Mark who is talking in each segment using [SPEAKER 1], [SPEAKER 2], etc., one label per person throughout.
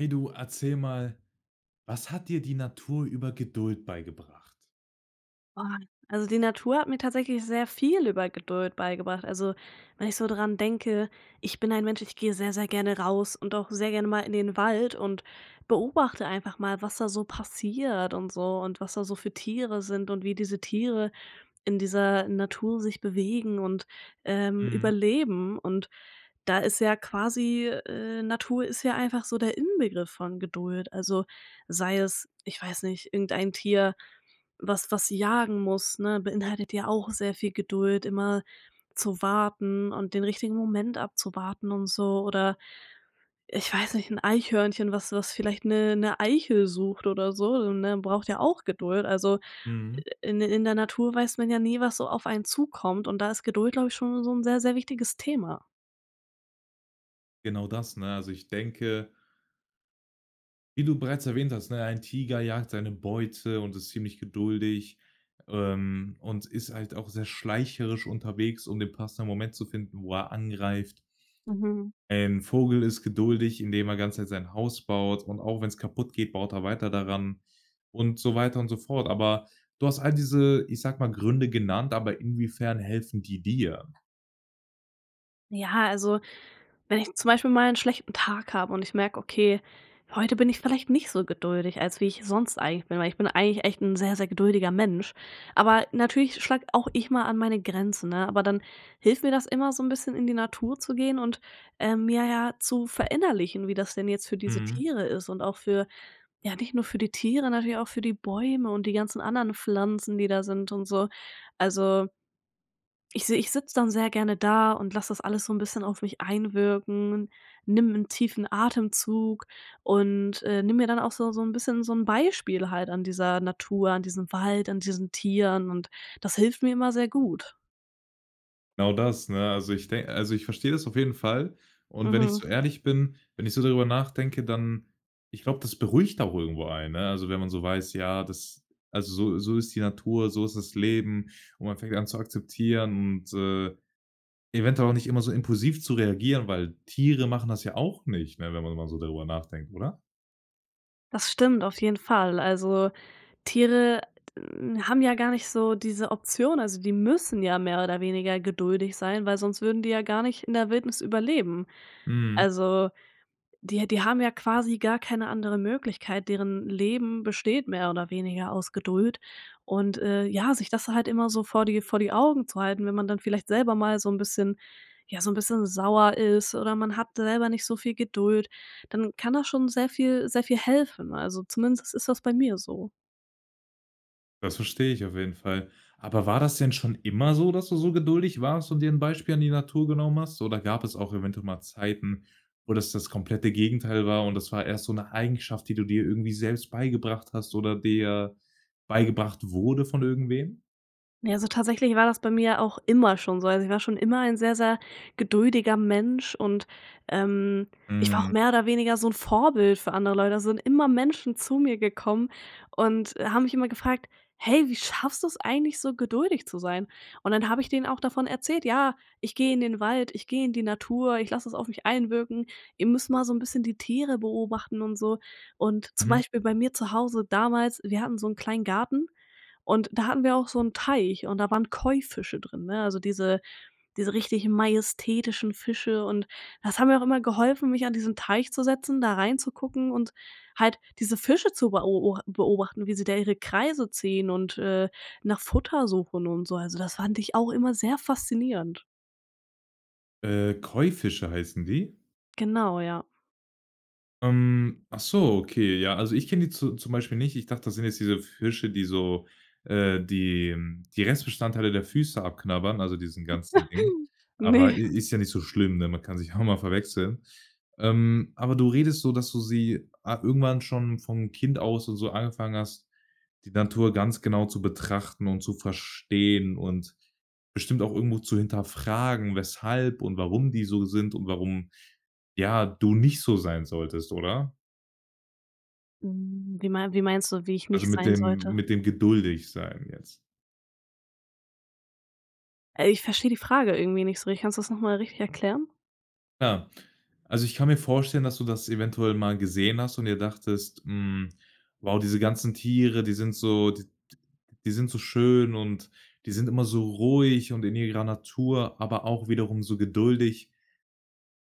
[SPEAKER 1] Hey, du erzähl mal: „Was hat dir die Natur über Geduld beigebracht?"
[SPEAKER 2] Boah, also die Natur hat mir tatsächlich sehr viel über Geduld beigebracht. Also, wenn ich so dran denke: „Ich bin ein Mensch, ich gehe sehr, sehr gerne raus und auch sehr gerne mal in den Wald und beobachte einfach mal, was da so passiert und so und was da so für Tiere sind und wie diese Tiere in dieser Natur sich bewegen und, ähm,
[SPEAKER 1] Mhm.
[SPEAKER 2] überleben." Und da ist ja quasi, äh Natur ist ja einfach so der Inbegriff von Geduld. Also sei es, ich weiß nicht, irgendein Tier, was was jagen muss, ne? Beinhaltet ja auch sehr viel Geduld, immer zu warten und den richtigen Moment abzuwarten und so, oder, äh, ich weiß nicht, 'n Eichhörnchen, was was vielleicht 'ne 'ne Eichel sucht oder so so, ne? Braucht ja auch Geduld. Also
[SPEAKER 1] Mhm.
[SPEAKER 2] in der in der Natur weiß man ja nie, was so auf einen zukommt, und da ist Geduld, glaube ich, schon so 'n sehr, sehr wichtiges Thema.
[SPEAKER 1] Genau das, ne? Also ich denke wie du bereits erwähnt hast, ne, ein Tiger jagt seine Beute und ist ziemlich geduldig, ähm, und ist halt auch sehr schleicherisch unterwegs, um den passenden Moment zu finden, wo er angreift.
[SPEAKER 2] Mhm.
[SPEAKER 1] Ein Vogel ist geduldig, indem er ganz nett sein Haus baut, und auch wenn's kaputtgeht, baut er weiter daran und so weiter und so fort. Aber du hast all diese, ich sag mal, Gründe genannt, aber inwiefern helfen die dir?
[SPEAKER 2] Ja, also wenn ich zum Beispiel mal 'n schlechten Tag habe und ich merk: Okay, heute bin ich vielleicht nicht so geduldig, als wie ich sonst eigentlich bin, weil ich bin eigentlich echt 'n sehr, sehr geduldiger Mensch aber natürlich schlag auch ich mal an meine Grenzen, ne, aber dann hilft mir das immer so 'n bisschen in die Natur zu gehen und, ähm, mir ja zu verinnerlichen, wie das denn jetzt für diese
[SPEAKER 1] Hm.
[SPEAKER 2] Tiere ist und auch für ja nicht nur für die Tiere, natürlich auch für die Bäume und die ganzen anderen Pflanzen, die da sind und so. Also ich seh ich sitz’ dann sehr gerne da und lass das alles so 'n bisschen auf mich einwirken, nimm 'n tiefen Atemzug und äh, nimm mir dann auch so so 'n bisschen so 'n Beispiel halt an dieser Natur, an diesem Wald, an diesen Tieren, und das hilft mir immer sehr gut.
[SPEAKER 1] Genau das, ne? Also, ich denk also ich versteh’ das auf jeden Fall. Und wenn ich
[SPEAKER 2] Mhm.
[SPEAKER 1] so ehrlich bin wenn ich so darüber nachdenke, dann ich glaube, das beruhigt auch irgendwo einen, ne? Also, wenn man so weiß, ja, das also, so so ist die Natur, so ist das Leben. Und man fängt an, zu akzeptieren und, äh, eventuell auch nicht immer so impulsiv zu reagieren, weil Tiere machen das ja auch nicht, ne, wenn man mal so darüber nachdenkt, oder?
[SPEAKER 2] Das stimmt auf jeden Fall. Also Tiere, haben, ja gar nicht so diese Option, also die müssen ja mehr oder weniger geduldig sein, weil sonst würden die ja gar nicht in der Wildnis überleben.
[SPEAKER 1] Mhm.
[SPEAKER 2] Also die die haben ja quasi gar keine andere Möglichkeit, deren Leben besteht mehr oder weniger aus Geduld und, äh, ja, sich das halt immer so vor die vor die Augen zu halten. Wenn man dann vielleicht selber mal so 'n bisschen ja so 'n bisschen sauer ist oder man hat selber nicht so viel Geduld, dann kann das schon sehr viel sehr viel helfen, also zumindest ist das bei mir so.
[SPEAKER 1] Das verstehe ich auf jeden Fall. Aber war das denn schon immer so, dass du so geduldig warst und dir 'n Beispiel an die Natur genommen hast? Oder gab es auch eventuell mal Zeiten, wo das das komplette Gegenteil war und das war erst so 'ne Eigenschaft, die du dir irgendwie selbst beigebracht hast oder dir beigebracht wurde von irgendwem?
[SPEAKER 2] Ja, so tatsächlich war das bei mir auch immer schon so. Also ich war schon immer ein sehr, sehr geduldiger Mensch und, ähm, ich war auch
[SPEAKER 1] Mhm.
[SPEAKER 2] mehr oder weniger so 'n Vorbild für andere Leute. Also sind immer Menschen zu mir gekommen und, äh, haben mich immer gefragt: „Hey, wie schaffst du es eigentlich so geduldig zu sein?“ Und dann habe ich denen auch davon erzählt: „Ja, ich gehe in den Wald, ich gehe in die Natur, ich lasse es auf mich einwirken, ihr müsst mal so 'n bisschen die Tiere beobachten und so.“ Und, zum
[SPEAKER 1] Mhm.
[SPEAKER 2] Beispiel bei mir zu Hause damals: Wir hatten so 'n kleinen Garten und da hatten wir auch so 'n Teich und da waren Koi-Fische drin, ne, also diese diese richtigen majestätischen Fische, und das hat mir auch immer geholfen, mich an diesen Teich zu setzen, da reinzugucken und halt diese Fische zu beo o beobachten, wie sie da ihre Kreise ziehen und, äh, nach Futter suchen und so. Also, das fand ich auch immer sehr faszinierend.
[SPEAKER 1] Äh, Koi-Fische heißen die?
[SPEAKER 2] Genau, ja.
[SPEAKER 1] Ähm, ach so, okay. Ja, also ich kenn die zu zum Beispiel nicht. Ich dachte, das sind jetzt diese Fische, die so, äh die die Restbestandteile der Füße abknabbern, also diesen ganzen Dingen.
[SPEAKER 2] Ne.
[SPEAKER 1] Aber i ist ja nicht so schlimm, ne? Man kann sich ja auch mal verwechseln. Ähm, aber du redest so, dass du sie, ah irgendwann schon von Kind aus und so angefangen hast, die Natur ganz genau zu betrachten und zu verstehen und bestimmt auch irgendwo zu hinterfragen, weshalb und warum die so sind und warum, ja, du nicht so sein solltest, oder?
[SPEAKER 2] Hm, wie mein wie meinst du, wie ich
[SPEAKER 1] Also
[SPEAKER 2] nicht
[SPEAKER 1] mit
[SPEAKER 2] sein
[SPEAKER 1] dem
[SPEAKER 2] sollte?
[SPEAKER 1] mit dem Geduldigsein jetzt.
[SPEAKER 2] Äh, ich versteh die Frage irgendwie nicht so richtig. Kannst du 's noch mal richtig erklären?
[SPEAKER 1] Ah, also ich kann mir vorstellen, dass du das eventuell mal gesehen hast und dir dachtest: „Hm, wow, diese ganzen Tiere, die sind so d d die sind so schön und die sind immer so ruhig und in ihrer Natur, aber auch wiederum so geduldig.“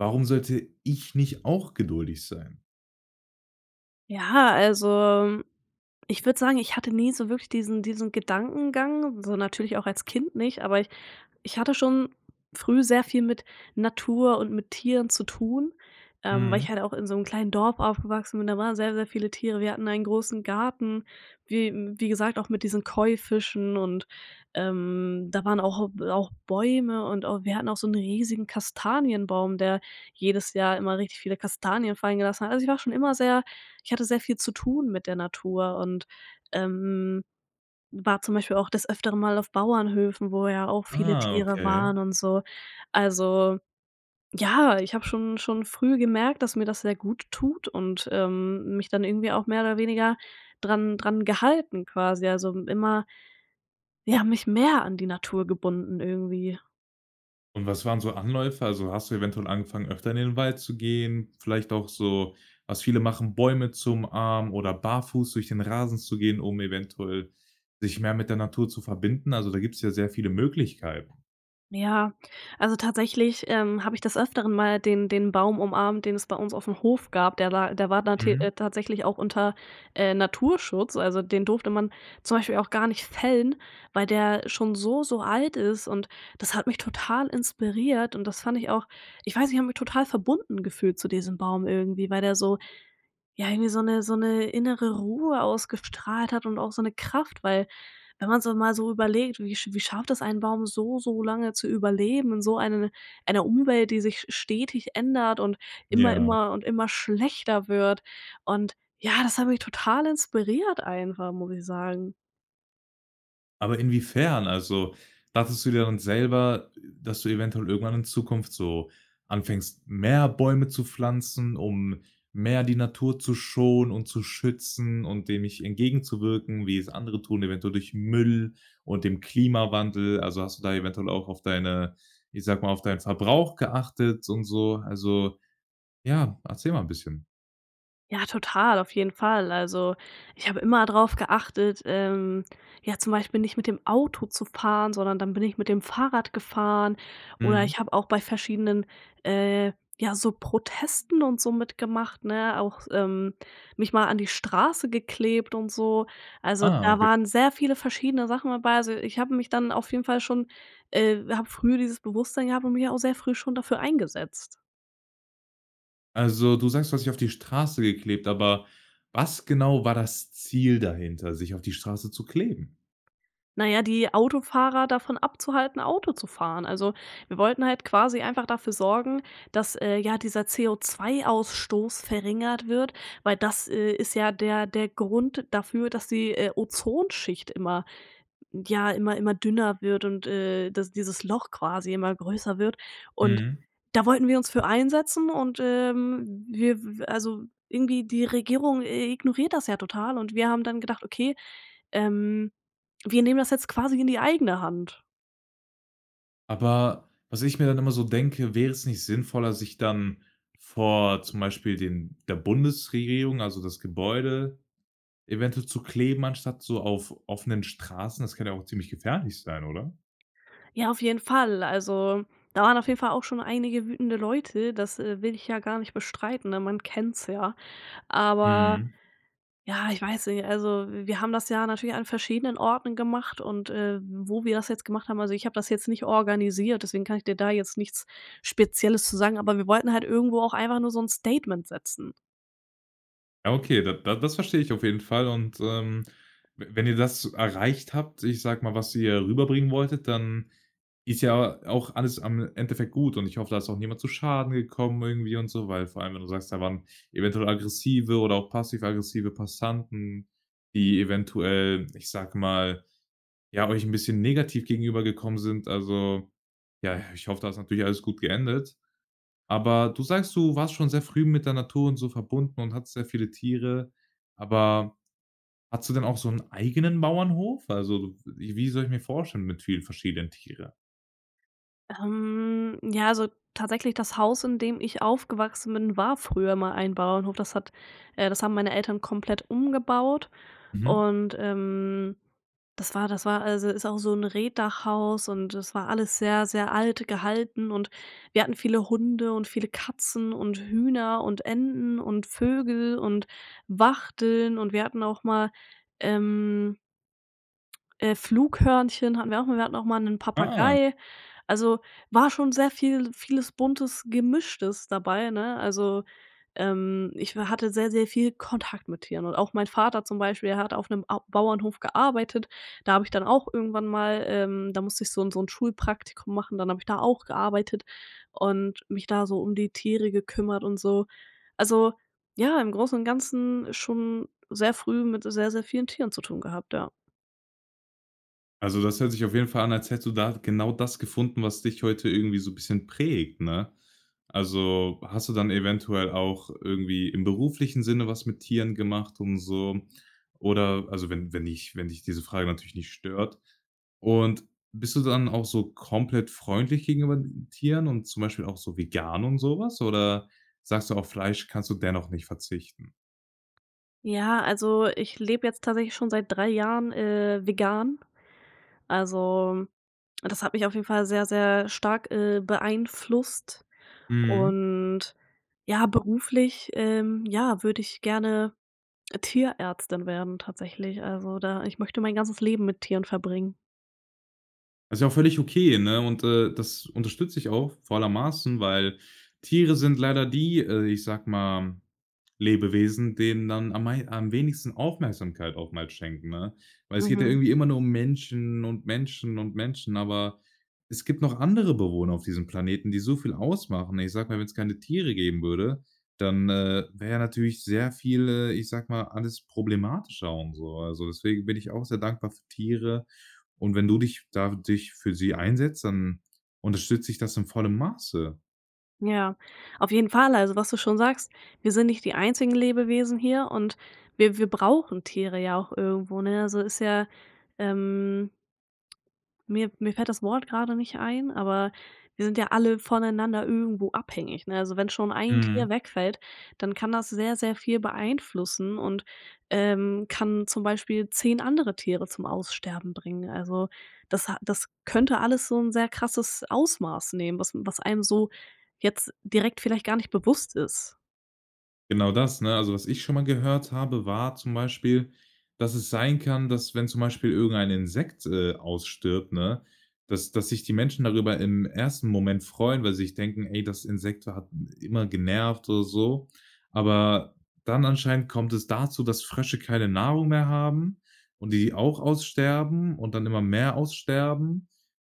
[SPEAKER 1] Warum sollte ich nicht auch geduldig sein?
[SPEAKER 2] Ja, also, hm, ich würde sagen, ich hatte nie so wirklich diesen diesen Gedankengang, so natürlich auch als Kind nicht, aber ich ich hatte schon früh sehr viel mit Natur und mit Tieren zu tun, ähm, weil
[SPEAKER 1] Hm.
[SPEAKER 2] ich halt auch in so 'nem kleinen Dorf aufgewachsen bin. Da waren sehr, sehr viele Tiere. Wir hatten einen großen Garten, wie wie gesagt auch mit diesen Koi-Fischen und, ähm, da waren auch äh b auch Bäume und auch wir hatten auch so 'nen riesigen Kastanienbaum, der jedes Jahr immer richtig viele Kastanien fallen gelassen hat. Also, ich war schon immer sehr ich hatte sehr viel zu tun mit der Natur und, ähm, war zum Beispiel auch des Öfteren mal auf Bauernhöfen, wo ja auch viele
[SPEAKER 1] Ah,
[SPEAKER 2] Tiere
[SPEAKER 1] okay.
[SPEAKER 2] waren und so. Also ja, ich habe schon schon früh gemerkt, dass mir das sehr gut tut und, ähm, mich dann irgendwie auch mehr oder weniger dran dran gehalten quasi, also m immer ja, mich mehr an die Natur gebunden irgendwie.
[SPEAKER 1] Und was waren so Anläufe? Also, hast du eventuell angefangen, öfter in den Wald zu gehen? Vielleicht auch so, was viele machen: Bäume zu umarmen oder barfuß durch den Rasen zu gehen, um eventuell, sich mehr mit der Natur zu verbinden. Also, da gibt's ja sehr viele Möglichkeiten.
[SPEAKER 2] Ja, also tatsächlich, ähm, hab ich des Öfteren mal den den Baum umarmt, den es bei uns auf dem Hof gab. Der war der war te
[SPEAKER 1] Mhm.
[SPEAKER 2] äh, tatsächlich auch unter, äh, Naturschutz, also den durfte man zum Beispiel auch gar nicht fällen, weil der schon so, so alt ist und das hat mich total inspiriert und das fand ich auch ich weiß nicht ich hab mich total verbunden gefühlt zu diesem Baum irgendwie, weil der so ja, irgendwie so 'ne so 'ne innere Ruhe ausgestrahlt hat und auch so 'ne Kraft, weil wenn man so mal so überlegt, wie sch wie schafft es ein Baum so, so lange zu überleben in so ein einer Umwelt, die sich st stetig ändert und immer
[SPEAKER 1] Ja.
[SPEAKER 2] immer und immer schlechter wird und ja, das habe ich total inspiriert einfach, muss ich sagen.
[SPEAKER 1] Aber inwiefern? Also, dachtest du dir dann selber, dass du eventuell irgendwann in Zukunft so anfängst, mehr Bäume zu pflanzen, um mehr die Natur zu schonen und zu schützen und dem nicht entgegenzuwirken, wie es andere tun, eventuell durch Müll und dem Klimawandel. Also, hast du da eventuell auch auf deine- ich sag mal- auf deinen Verbrauch geachtet und so. Also ja, erzähl mal 'n bisschen.
[SPEAKER 2] Ja, total, auf jeden Fall. Also, ich hab immer drauf geachtet, ähm, ja, zum Beispiel nicht mit dem Auto zu fahren, sondern dann bin ich mit dem Fahrrad gefahren oder
[SPEAKER 1] Mhm.
[SPEAKER 2] ich hab auch bei verschiedenen, äh, ja, so Protesten und so mitgemacht, ne, auch, s ähm, mich mal an die Straße geklebt und so. Also,
[SPEAKER 1] Ah,
[SPEAKER 2] da
[SPEAKER 1] okay.
[SPEAKER 2] waren sehr viele verschiedene Sachen dabei, also ich hab mich dann auf jeden Fall schon, äh hab früh dieses Bewusstsein gehabt und mich auch sehr früh schon dafür eingesetzt.
[SPEAKER 1] Also, du sagst, du hast dich auf die Straße geklebt, aber was genau war das Ziel dahinter, sich auf die Straße zu kleben?
[SPEAKER 2] Naja, die Autofahrer davon abzuhalten, Auto zu fahren. Also, wir wollten halt quasi einfach dafür sorgen, dass, äh, ja, dieser CO₂-Ausstoß verringert wird, weil das, äh, ist ja der der Grund dafür, dass die, äh, Ozonschicht immer ja immer immer dünner wird und, äh, dass dieses Loch quasi immer größer wird und
[SPEAKER 1] Mhm.
[SPEAKER 2] da wollten wir uns für einsetzen und, ähm w wir also irgendwie die Regierung i ignoriert das ja total und wir haben dann gedacht: „Okay, ähm, wir nehmen das jetzt quasi in die eigene Hand.“
[SPEAKER 1] Aber was ich mir dann immer so denke: Wäre es nicht sinnvoller, sich dann vor zum Beispiel dem der Bundesregierung, also das Gebäude, eventuell zu kleben, anstatt so auf offenen Straßen? Das kann ja auch ziemlich gefährlich sein, oder?
[SPEAKER 2] Ja, auf jeden Fall. Also, da waren auf jeden Fall auch schon einige wütende Leute, das, äh, will ich ja gar nicht bestreiten, ne? Man kennt's ja. Aber
[SPEAKER 1] Mhm.
[SPEAKER 2] ja, ich weiß nicht, also wir haben das ja natürlich an verschiedenen Orten gemacht und, äh, wo wir das jetzt gemacht haben also ich habe das jetzt nicht organisiert, deswegen kann ich dir da jetzt nichts Spezielles zu sagen, aber wir wollten halt irgendwo auch einfach nur so 'n Statement setzen.
[SPEAKER 1] Ja, okay, d d das verstehe ich auf jeden Fall und, ähm, w wenn ihr das erreicht habt, ich sage mal, was ihr rüberbringen wolltet, dann ist ja auch alles am Endeffekt gut und ich hoffe, da ist auch niemand zu Schaden gekommen irgendwie und so, weil, vor allem, wenn du sagst, da waren eventuell aggressive oder auch passiv-aggressive Passanten, die eventuell, ich sage mal, ja, euch 'n bisschen negativ gegenübergekommen sind. Also ja, ich hoffe, da ist natürlich alles gut geendet. Aber du sagst, du warst schon sehr früh mit der Natur und so verbunden und hattest sehr viele Tiere. Aber hattest du denn auch so 'nen eigenen Bauernhof? Also wie wie soll ich mir vorstellen, mit vielen verschiedenen Tiere?
[SPEAKER 2] Ähm, ja, also tatsächlich, das Haus, in dem ich aufgewachsen bin, war früher mal ein Bauernhof, das hat äh, das haben meine Eltern komplett umgebaut
[SPEAKER 1] Mhm.
[SPEAKER 2] und, ähm, das war das war also ist auch so 'n Reetdachhaus und es war alles sehr, sehr alt gehalten und wir hatten viele Hunde und viele Katzen und Hühner und Enten und Vögel und Wachteln und wir hatten auch mal, ähm Äh, Flughörnchen hatten wir auch mal. Wir hatten auch mal 'nen
[SPEAKER 1] Ah.
[SPEAKER 2] Papagei. Also war schon sehr viel vieles Buntes, Gemischtes dabei, ne? Also, ähm, ich w hatte sehr, sehr viel Kontakt mit Tieren und auch mein Vater zum Beispiel, der hat auf 'nem Au Bauernhof gearbeitet. Da hab ich dann auch irgendwann mal, ähm da musste ich so 'n so 'n Schulpraktikum machen, dann habe ich da auch gearbeitet und mich da so um die Tiere gekümmert und so. Also ja, im Großen und Ganzen schon sehr früh mit s sehr, sehr vielen Tieren zu tun gehabt, ja.
[SPEAKER 1] Also, das hört sich auf jeden Fall an, als hättest du da genau das gefunden, was dich heute irgendwie so bisschen prägt, ne? Also, hast du dann eventuell auch irgendwie im beruflichen Sinne was mit Tieren gemacht und so? Oder also wenn wenn dich wenn dich diese Frage natürlich nicht stört. Und bist du dann auch so komplett freundlich gegenüber Tieren und zum Beispiel auch so vegan und so was? Oder sagst du, auf Fleisch kannst du dennoch nicht verzichten?
[SPEAKER 2] Ja, also ich lebe jetzt tatsächlich schon seit 3 Jahren, äh, vegan. Also, das hat mich auf jeden Fall sehr, sehr stark, äh, beeinflusst
[SPEAKER 1] Mhm.
[SPEAKER 2] und, ja, beruflich, ähm, ja, würde ich gerne Tierärztin werden, tatsächlich, also da ich möchte mein ganzes Leben mit Tieren verbringen.
[SPEAKER 1] Ist ja auch völlig okay, ne? Und das unterstütze ich auch, vor aller Maßen, weil Tiere sind leider die, äh, ich sage mal Lebewesen, denen dann am mei am wenigsten Aufmerksamkeit auch mal schenken, ne? Weil es geht ja
[SPEAKER 2] Mhm.
[SPEAKER 1] irgendwie immer nur um Menschen und Menschen und Menschen, aber es gibt noch andere Bewohner auf diesem Planeten, die so viel ausmachen. Ich sage mal, wenn's keine Tiere geben würde, dann, äh, wäre ja natürlich sehr viel, äh, ich sage mal, alles problematischer und so. Also, deswegen bin ich auch sehr dankbar für Tiere, und wenn du dich da dich für sie einsetzt, dann unterstütze ich das in vollem Maße.
[SPEAKER 2] Ja, auf jeden Fall, also was du schon sagst, wir sind nicht die einzigen Lebewesen hier und wir wir brauchen Tiere ja auch irgendwo, ne, also ist ja, ähm mir mir fällt das Wort gerade nicht ein, aber wir sind ja alle voneinander irgendwo abhängig, ne? Also, wenn schon ein
[SPEAKER 1] Mhm.
[SPEAKER 2] Tier wegfällt, dann kann das sehr, sehr viel beeinflussen und, ähm, kann zum Beispiel 10 andere Tiere zum Aussterben bringen. Also, das das könnte alles so 'n sehr krasses Ausmaß nehmen, was was einem so jetzt direkt vielleicht gar nicht bewusst ist.
[SPEAKER 1] Genau das, ne? Also, was ich schon mal gehört habe, war zum Beispiel, dass es sein kann, dass, wenn zum Beispiel irgendein Insekt, äh, ausstirbt, ne, dass dass sich die Menschen darüber im 1. Moment freuen, weil sie sich denken: „Ey, das Insekt hat immer genervt“, oder so. Aber dann anscheinend kommt es dazu, dass Frösche keine Nahrung mehr haben und die auch aussterben und dann immer mehr aussterben.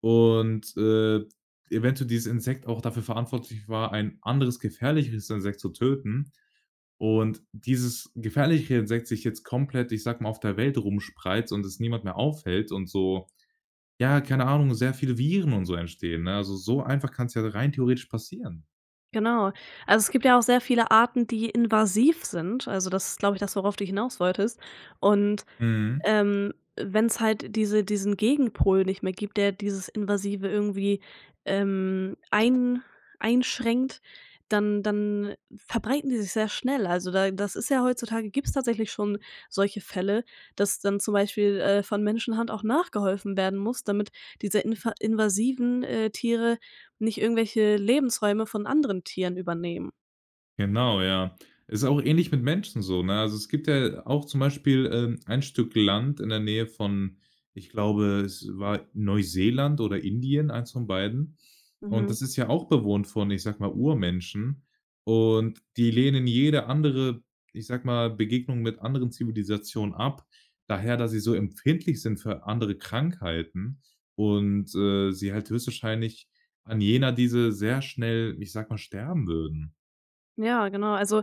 [SPEAKER 1] Und, äh, eventuell dieses Insekt auch dafür verantwortlich war, ein anderes gefährlicheres Insekt zu töten. Und dieses gefährlichere Insekt sich jetzt komplett ich sage mal, auf der Welt rumspreizt und es niemand mehr aufhält und so, ja, keine Ahnung, sehr viele Viren und so entstehen, ne? Also, so einfach kann's ja rein theoretisch passieren.
[SPEAKER 2] Genau. Also, es gibt ja auch sehr viele Arten, die invasiv sind. Also, das ist glaube ich das, worauf du hinaus wolltest, und,
[SPEAKER 1] Mhm.
[SPEAKER 2] ähm, wenn's halt diese diesen Gegenpol nicht mehr gibt, der dieses Invasive irgendwie, ähm, ein einschränkt, dann dann verbreiten die sich sehr schnell. Also da das ist ja heutzutage, gibt's tatsächlich schon solche Fälle, dass dann zum Beispiel, äh, von Menschenhand auch nachgeholfen werden muss, damit diese infa invasiven, äh, Tiere nicht irgendwelche Lebensräume von anderen Tieren übernehmen.
[SPEAKER 1] Genau, ja. Ist auch ähnlich mit Menschen so, ne? Also, es gibt ja auch zum Beispiel, ähm, ein Stück Land in der Nähe von ich glaube, es war Neuseeland oder Indien- eins von beiden- und
[SPEAKER 2] Mhm.
[SPEAKER 1] das ist ja auch bewohnt, von ich sage mal Urmenschen. Und die lehnen jede andere ich sage mal: „Begegnung" mit anderen Zivilisationen ab, daher da sie so empfindlich sind für andere Krankheiten und, äh, sie halt höchstwahrscheinlich an jener dieser sehr schnell ich sage mal, sterben würden.
[SPEAKER 2] Ja, genau, also,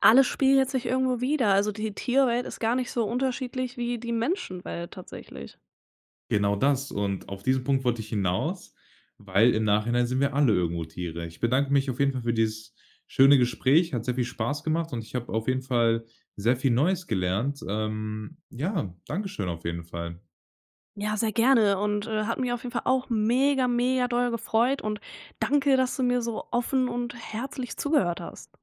[SPEAKER 2] alles spiegelt sich irgendwo wieder, also die Tierwelt ist gar nicht so unterschiedlich wie die Menschenwelt, tatsächlich.
[SPEAKER 1] Genau das. Und auf diesen Punkt wollte ich hinaus, weil im Nachhinein sind wir alle irgendwo Tiere. Ich bedanke mich auf jeden Fall für dieses schöne Gespräch. Hat sehr viel Spaß gemacht und ich habe auf jeden Fall sehr viel Neues gelernt. Ähm, ja, Dankeschön auf jeden Fall.
[SPEAKER 2] Ja, sehr gerne, und, äh, hat mich auf jeden Fall auch mega mega doll gefreut und danke, dass du mir so offen und herzlich zugehört hast.